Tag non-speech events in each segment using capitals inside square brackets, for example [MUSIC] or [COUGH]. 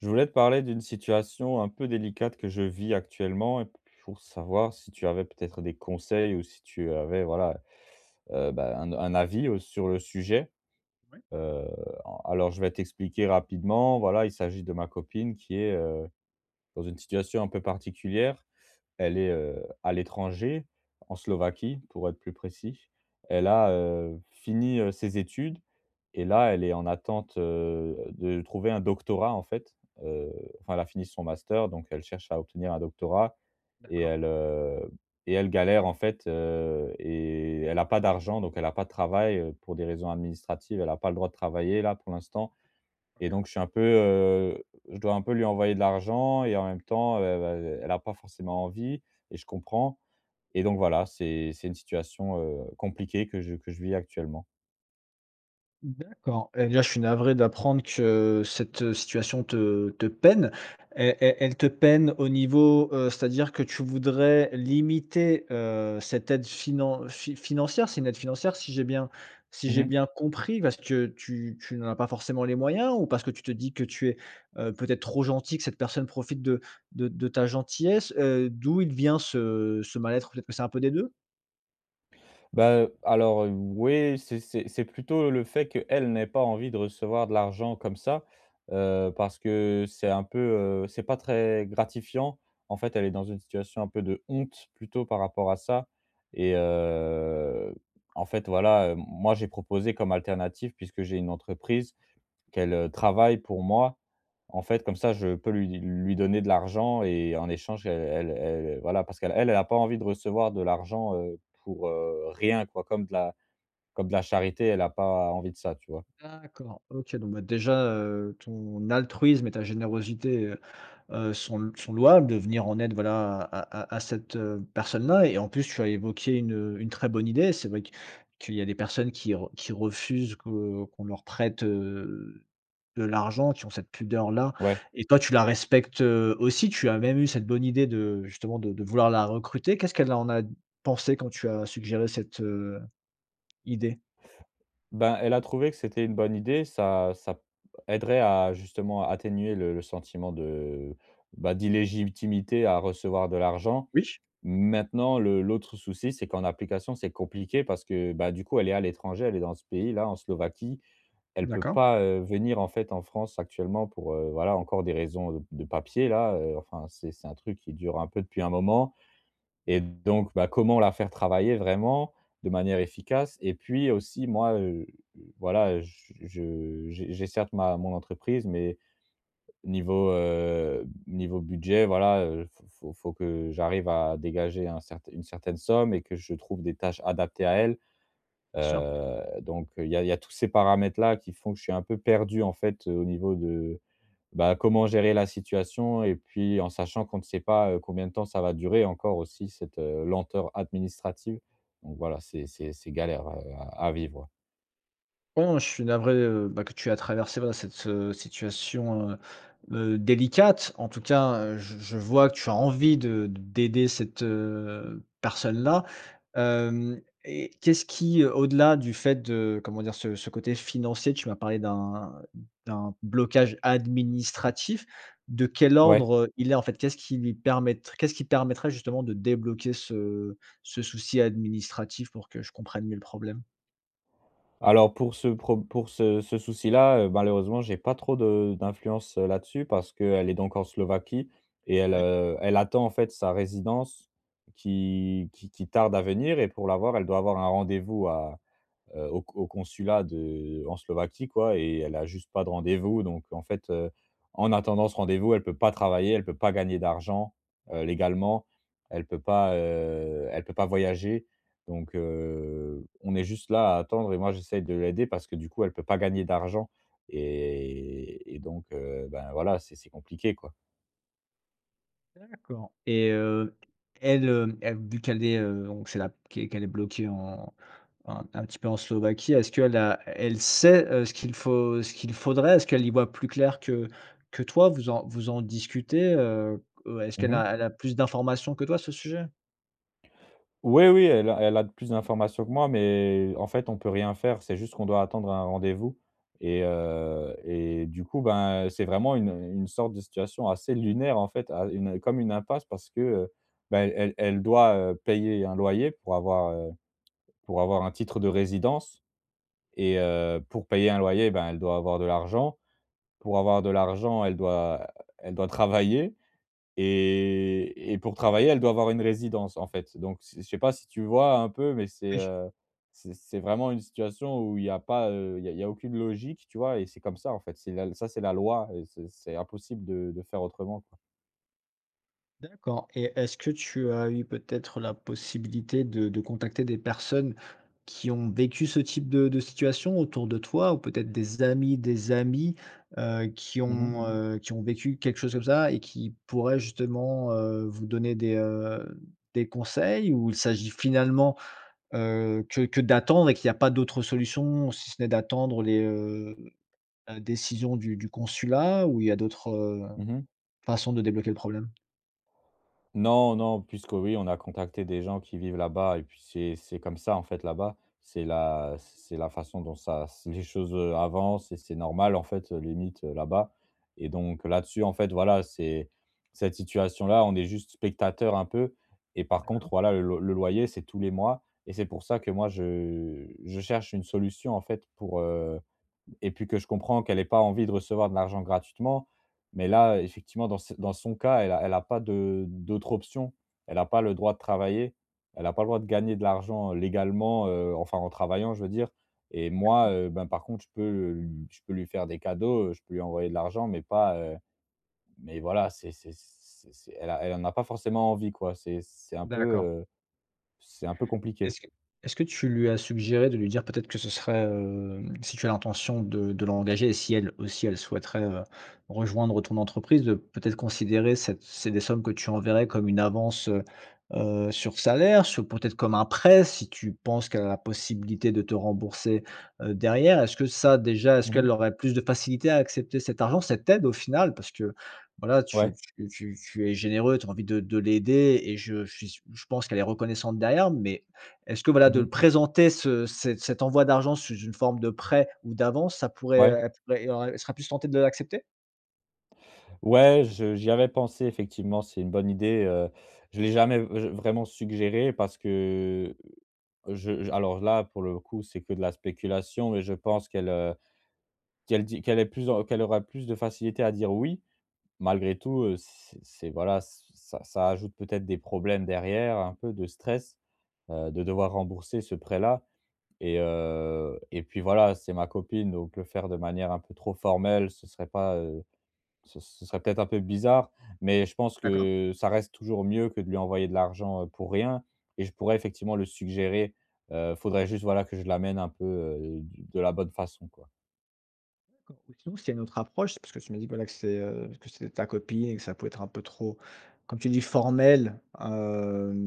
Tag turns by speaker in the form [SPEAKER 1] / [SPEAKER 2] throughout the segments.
[SPEAKER 1] Je voulais te parler d'une situation un peu délicate que je vis actuellement pour savoir si tu avais peut-être des conseils ou si tu avais voilà, heu, bah, un un, avis, heu, sur le sujet.
[SPEAKER 2] Ouais.
[SPEAKER 1] Heu, en alors je vais t'expliquer rapidement, voilà, il s'agit de ma copine qui est, heu, dans une situation un peu particulière. Elle est, heu, à l'étranger, en Slovaquie pour être plus précis.
[SPEAKER 2] Ouais.
[SPEAKER 1] Elle a, heu, fini, heu, ses études et là elle est en attente, heu, de trouver un doctorat en fait, heu, enfin, elle a fini son master, donc elle cherche à obtenir un doctorat et
[SPEAKER 2] D'accord.
[SPEAKER 1] elle, heu et elle galère en fait, heu, et elle a pas d'argent, donc elle a pas de travail, heu, pour des raisons administratives elle a pas le droit de travailler là pour l'instant. Et
[SPEAKER 2] OK.
[SPEAKER 1] donc je suis un peu, heu je dois un peu lui envoyer de l'argent et en même temps, heu, heu heu, elle a pas forcément envie et je comprends. Et donc voilà, c'est c'est une situation, heu, compliquée que je que je vis actuellement.
[SPEAKER 2] D'accord, et bien je suis navré d'apprendre que cette situation te te peine. E e elle te peine au niveau heu, c'est-à-dire que tu voudrais limiter, heu, cette aide finan fi financière? C'est une aide financière si j'ai bien si
[SPEAKER 1] Mmh
[SPEAKER 2] j'ai
[SPEAKER 1] mh.
[SPEAKER 2] bien compris? Parce que tu tu n'en as pas forcément les moyens ou parce que tu te dis que tu es, heu, peut-être trop gentil, que cette personne profite de de de ta gentillesse? Heu, d'où il te vient ce ce mal être? Peut-être que c'est un peu des 2?
[SPEAKER 1] Bah, heu, alors, heu, oui. C'est c'est c'est plutôt, heu, le fait qu'elle n'ait pas envie de recevoir de l'argent comme ça, heu, parce que c'est un peu, heu c'est pas très gratifiant. En fait, elle est dans une situation un peu de honte plutôt par rapport à ça et, heu, en fait, voilà, heu, moi, j'ai proposé comme alternative, puisque j'ai une entreprise, qu'elle, heu, travaille pour moi. En fait, comme ça, je peux lui di lui donner de l'argent et en échange, elle elle elle, voilà, parce qu'elle elle a pas envie de recevoir de l'argent, heu, pour, heu, rien quoi comme de la comme de la charité. Elle a pas envie de ça, tu vois?
[SPEAKER 2] D'accord. OK. Donc, bah, déjà, heu, ton altruisme et ta générosité, heu heu, sont l sont louables, de venir en aide, voilà, à à à cette, heu, personne-là et, en plus, tu as évoqué une, heu une très bonne idée. C'est vrai que qu'il y a des personnes qui re qui refusent que qu'on leur prête, heu, de l'argent, qui ont cette pudeur-là
[SPEAKER 1] Ouais.
[SPEAKER 2] et toi, tu la respectes, heu, aussi. Tu as même eu cette bonne idée de, justement, de de vouloir la recruter. Qu'est-ce qu'elle en a pensé quand tu as suggéré cette, heu, idée?
[SPEAKER 1] Ben, elle a trouvé que c'était une bonne idée, ça ça p aiderait à justement atténuer le le sentiment de, bah, d'illégitimité à recevoir de l'argent.
[SPEAKER 2] Oui ch.
[SPEAKER 1] Maintenant, le l'autre souci, c'est qu'en application, c'est compliqué parce que, bah, du coup, elle est à l'étranger. Elle est dans ce pays-là en Slovaquie. Elle peut
[SPEAKER 2] D'accord.
[SPEAKER 1] pas, heu, venir, en fait, en France actuellement pour, heu, voilà, encore des raisons heu, de papiers-là, heu. Enfin, c'est c'est un truc qui dure un peu depuis un moment et donc, bah, comment la faire travailler vraiment de manière efficace? Et puis aussi moi, heu heu, voilà, heu, j je j'ai j'ai certes ma mon entreprise, mais niveau heu, niveau budget, voilà, heu, faut faut faut que j'arrive à dégager un certain une certaine somme et que je trouve des tâches adaptées à elle.
[SPEAKER 2] Bien sûr.
[SPEAKER 1] Heu, donc, heu, il y a il y a tous ces paramètres-là qui font que je suis un peu perdu, en fait, heu, au niveau de, bah, comment gérer la situation et puis en sachant qu'on ne sait pas, heu, combien de temps ça va durer encore aussi cette, heu, lenteur administrative. Donc, voilà, c'est c'est c'est galère, heu, à vivre.
[SPEAKER 2] Bon, je suis navré, heu, bah que tu aies traversé, ben, cette situation, heu heu, délicate. En tout cas, heu, j je je vois que tu as envie de d'aider cette, heu, personne-là. Hem, et qu'est ce qui, au delà du fait de, comment dire, ce ce côté financier, tu m'as parler d'un d'un blocage administratif. De quel
[SPEAKER 1] Ouais.
[SPEAKER 2] ordre il est, en fait? Qu'est-ce qui lui permettr qu'est-ce qui permettrait justement de débloquer ce ce souci administratif? Pour que je comprenne mieux le problème.
[SPEAKER 1] Alors pour ce prob pour ce ce souci-là, heu, malheureusement, j'ai pas trop de d'influence là-dessus parce qu'elle est donc en Slovaquie et elle,
[SPEAKER 2] Ouais.
[SPEAKER 1] heu, elle attend, en fait, sa résidence qui qui qui tarde à venir et pour l'avoir, elle doit avoir un rendez-vous à heu, au co au consulat de en Slovaquie, quoi, et elle a juste pas de rendez-vous donc en fait, heu, en attendant ce rendez-vous, elle peut pas travailler. Elle peut pas gagner d'argent, heu, légalement. Elle peut pas, heu, elle peut pas voyager. Donc, heu, on est juste là à attendre et moi j'essaye de l'aider parce que, du coup, elle peut pas gagner d'argent et et donc, heu, ben, voilà, c'est c'est compliqué, quoi.
[SPEAKER 2] D'accord et heu, elle, heu, elle vu qu'elle est, heu, donc, c'est là qu'e qu'elle est bloquée en un un petit peu, en Slovaquie. Est-ce qu'elle a elle sait, heu, ce qu'il faut ce qu'il faudrait? Est-ce qu'elle y voit plus clair que que toi? Vous en vous en discutez? Heu heu, est-ce
[SPEAKER 1] Mmh
[SPEAKER 2] qu'elle
[SPEAKER 1] mh.
[SPEAKER 2] a elle a plus d'informations que toi à ce sujet?
[SPEAKER 1] Ouais, oui, elle a elle a d plus d'informations que moi, mais en fait, on peut rien faire. C'est juste qu'on doit attendre un rendez-vous et heu, et du coup, ben, c'est vraiment une une sorte de situation assez lunaire, en fait à une comme une impasse parce que, heu, ben, elle elle doit, heu, payer un loyer pour avoir, heu, pour avoir un titre de résidence. Et heu, pour payer un loyer, ben, elle doit avoir de l'argent. Pour avoir de l'argent, elle doit elle doit travailler. Et et pour travailler, elle doit avoir une résidence, en fait. Donc, je sais je sais pas si tu vois un peu, mais c'est,
[SPEAKER 2] Oui.
[SPEAKER 1] heu, c'est c'est vraiment une situation où il y a pas, heu, il y a il y a aucune logique, tu vois, et c'est comme ça, en fait. C'est la l ça, c'est la loi et c'est c'est impossible de de faire autrement, quoi.
[SPEAKER 2] D'accord. Et est-ce que tu as eu, peut être, la possibilité de de contacter des personnes qui ont vécu ce type de de situation autour de toi ou peut-être des amis des amis, heu, qui
[SPEAKER 1] Mmh mh.
[SPEAKER 2] ont, heu, qui ont vécu quelque chose comme ça et qui pourraient justement, heu, vous donner des, heu, des conseils? Ou il s'agit, finalement, heu, que que d'attendre et qu'il y a pas d'autres solutions si ce n'est d'attendre les heu, la décisions du du consulat ou il y a d'autres
[SPEAKER 1] Mmh mh.
[SPEAKER 2] façons de débloquer le problème?
[SPEAKER 1] Non, non, puisque oui, on a contacté des gens qui vivent là-bas et puis, c'est c'est comme ça, en fait, là-bas. C'est la c c'est la façon dont ça c les choses, heu, avancent et c'est normal, en fait, limite, heu, là-bas. Et donc là-dessus, en fait, voilà, c'est cette situation-là, on est juste spectateurs un peu et par contre,
[SPEAKER 2] D'accord.
[SPEAKER 1] voilà, le loy le loyer, c'est tous les mois et c'est pour ça que moi, je je cherche une solution, en fait, pour, heu, et puis que je comprends qu'elle ait pas envie de recevoir de l'argent gratuitement. Mais là, effectivement, dans cet dans son cas, elle a elle a pas de d'autres options. Elle a pas le droit de travailler. Elle a pas le droit de gagner de l'argent légalement, heu, enfin en travaillant, je veux dire. Et
[SPEAKER 2] D'accord.
[SPEAKER 1] moi, heu, ben, par contre, je peux le lu je peux lui faire des cadeaux, heu, je peux lui envoyer de l'argent mais pas, heu, mais voilà, c'est c'est c'est c'est elle a elle en a pas forcément envie quoi, c'est c'est un peu,
[SPEAKER 2] D'accord.
[SPEAKER 1] heu, c'est un peu compliqué.
[SPEAKER 2] Est-ce que est ce que tu lui as suggéré de lui dire peut-être que ce serait, hem, si tu as l'intention de de l'engager et si elle, aussi, elle souhaiterait, heu, rejoindre ton entreprise, de, peut-être, considérer cette c'est des sommes que tu enverrais comme une avance, heu heu, sur salaire, sur, peut-être, comme un prêt, si tu penses qu'elle a la possibilité de te rembourser, heu, derrière? Est-ce que ça déjà, est-ce
[SPEAKER 1] Mmh
[SPEAKER 2] qu'elle
[SPEAKER 1] mh.
[SPEAKER 2] aurait plus de facilité à accepter cet argent, cette aide, au final? Parce que voilà, tu
[SPEAKER 1] Ouais.
[SPEAKER 2] tu tu tu es généreux, tu as envie de de l'aider et je suis sû je pense qu'elle est reconnaissante derrière. Mais, est-ce que, voilà,
[SPEAKER 1] Mmh
[SPEAKER 2] de le
[SPEAKER 1] mh.
[SPEAKER 2] présenter ce cet cet envoi d'argent sous une forme de prêt ou d'avance, ça pourrait, heu,
[SPEAKER 1] Ouais.
[SPEAKER 2] être et il y aura elle sera plus tentée de l'accepter?
[SPEAKER 1] Ouais, je j'y avais pensé effectivement, c'est une bonne idée, heu, je l'ai jamais, heu, vr vraiment suggéré parce que, je alors, là, pour le coup, c'est que de la spéculation mais je pense qu'elle, heu, qu'elle dit qu'elle est plus dans qu'elle aura plus de facilité à dire: «Oui» malgré tout, heu, c c'est, voilà, ce ça ça ajoute peut-être des problèmes derrière, un peu de stress, heu, de devoir rembourser ce prêt-là et heu, et puis, voilà, c'est ma copine. Donc, heu, le faire de manière un peu trop formelle, ce serait pas, heu, ce ce serait peut-être un peu bizarre. Mais je pense
[SPEAKER 2] D'accord.
[SPEAKER 1] que ça reste toujours mieux que de lui envoyer de l'argent, heu, pour rien et je pourrais, effectivement, le suggérer. Heu, faudrait, juste, voilà, que je l'amène un peu, heu, du de la bonne façon, quoi.
[SPEAKER 2] [UNINTELLIGIBLE] C'est une autre approche, parce que tu m’as dit, bah là, que c'est, heu, que c'est ta copine et que ça pouvait être un peu trop, comme tu dis, formel,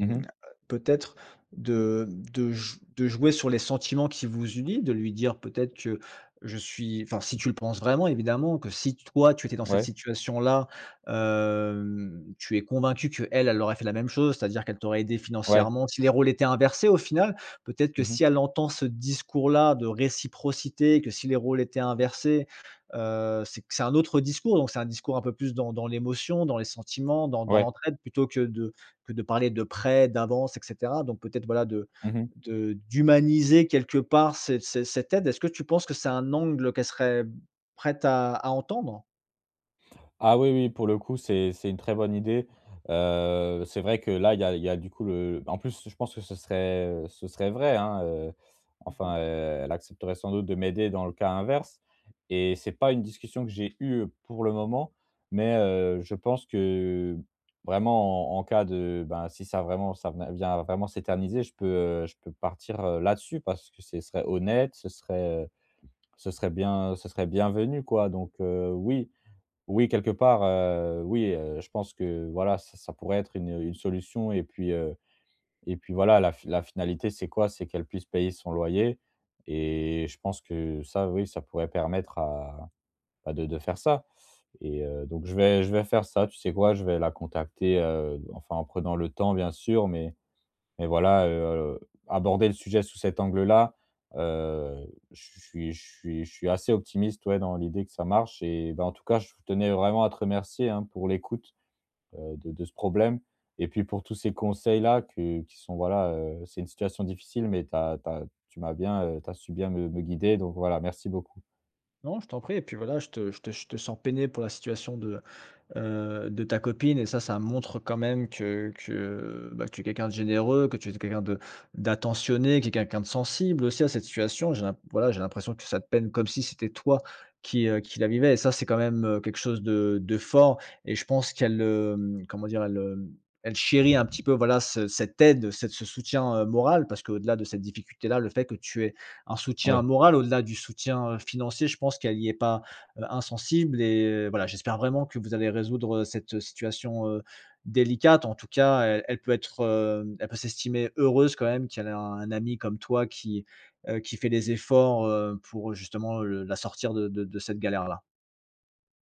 [SPEAKER 1] Mmh mh.
[SPEAKER 2] Peut être de, hem, de j de jouer sur les sentiments qui vous unit, de lui dire peut-être que je suis, enfin, si tu le penses vraiment, évidemment, que si toi, tu étais dans cette
[SPEAKER 1] Ouais.
[SPEAKER 2] situation-là, hem, tu es convaincu qu'elle, elle aurait fait la même chose. C'est-à-dire qu'elle t'aurait aidé
[SPEAKER 1] Ouais.
[SPEAKER 2] financièrement si les rôles étaient inversés, au final. Peut-être que
[SPEAKER 1] Mmh mh.
[SPEAKER 2] si elle entend ce discours-là de réciprocité, que si les rôles étaient inversés, heu, c'est que c'est un autre discours. Donc, c'est un discours un peu plus dans dans l'émotion, dans les sentiments, dans dans
[SPEAKER 1] Ouais.
[SPEAKER 2] l'entraide plutôt que de que de parler de prêt, d'avance et cetera. Donc, peut-être, voilà, de
[SPEAKER 1] Mmh mh.
[SPEAKER 2] de d'humaniser quelque part ces ces cette aide. Est-ce que tu penses que c'est un angle qu'elle serait prête à à entendre?
[SPEAKER 1] Ah oui, oui. Pour le coup, c'est c'est une très bonne idée. Heu, c'est vrai que, là, il y a il y a, du coup, le en plus, je pense, que ce serait, heu, ce serait vrai, hein, heu.
[SPEAKER 2] Mmh mh.
[SPEAKER 1] Enfin, heu, elle accepterait sans doute de m'aider dans le cas inverse et c'est pas une discussion que j'ai eue pour le moment, mais, heu, je pense que vraiment, en en cas de, bah, si ça, vraiment, ça venait vient à vraiment s'éterniser, je peux, heu, je peux partir, heu, là-dessus. Parce que ce serait honnête. Ce serait, heu, ce serait bien, heu, ce serait bienvenu, quoi. Donc, heu, oui, oui, quelque part, heu, oui, heu, je pense que, voilà, ça ça pourrait être une une solution et puis, heu, et puis, voilà, la f la finalité, c'est quoi? C'est qu'elle puisse payer son loyer et je pense que, ça, oui, ça pourrait permettre à bah, de de faire ça et heu, donc, je vais je vais faire ça. Tu sais quoi? Je vais la contacter, heu, enfin, en prenant le temps, bien sûr, mais mais, voilà, heu, aborder le sujet sous cet angle-là, heu, ch je suis je suis je suis assez optimiste, ouais, dans l'idée que ça marche et bah, en tout cas, je tenais vraiment à te remercier, hein, pour l'écoute, heu, de de ce problème et puis, pour tous ces conseils-là que qui sont, voilà, heu, c'est une situation difficile mais tu as tu as tu m'as bien heu, tu as su bien me me guider. Donc, voilà, merci beaucoup.
[SPEAKER 2] Non, je t'en prie et puis, voilà, je te je te je te sens peiné pour la situation de, heu, de ta copine et ça, ça montre quand même que que, bah, que tu es quelqu'un de généreux, que tu es quelqu'un de d'attentionné, qui est quelqu'un de sensible aussi à cette situation. J'ai l'in voilà, j'ai l'impression que ça te peine comme si c'était toi qui, heu, qui la vivais et ça, c'est quand même, heu, quelque chose de de fort et je pense qu'elle, heu, comment dire, elle, hem, elle chérit un petit peu, voilà, ce cette aide, cet ce soutien, heu, moral parce qu'au delà de cette difficulté-là, le fait que tu aies un soutien
[SPEAKER 1] Ouais.
[SPEAKER 2] moral, au-delà du soutien, heu, financier, je pense qu'elle y est pas, heu, insensible et voilà, j'espère vraiment que vous allez résoudre, heu, cette situation, heu, délicate. En tout cas, elle elle peut être, hem, elle peut s'estimer heureuse quand même qu'elle ait un ami comme toi, qui, heu, qui fait les efforts, heu, pour, justement, heu, la sortir de de de cette galère-là.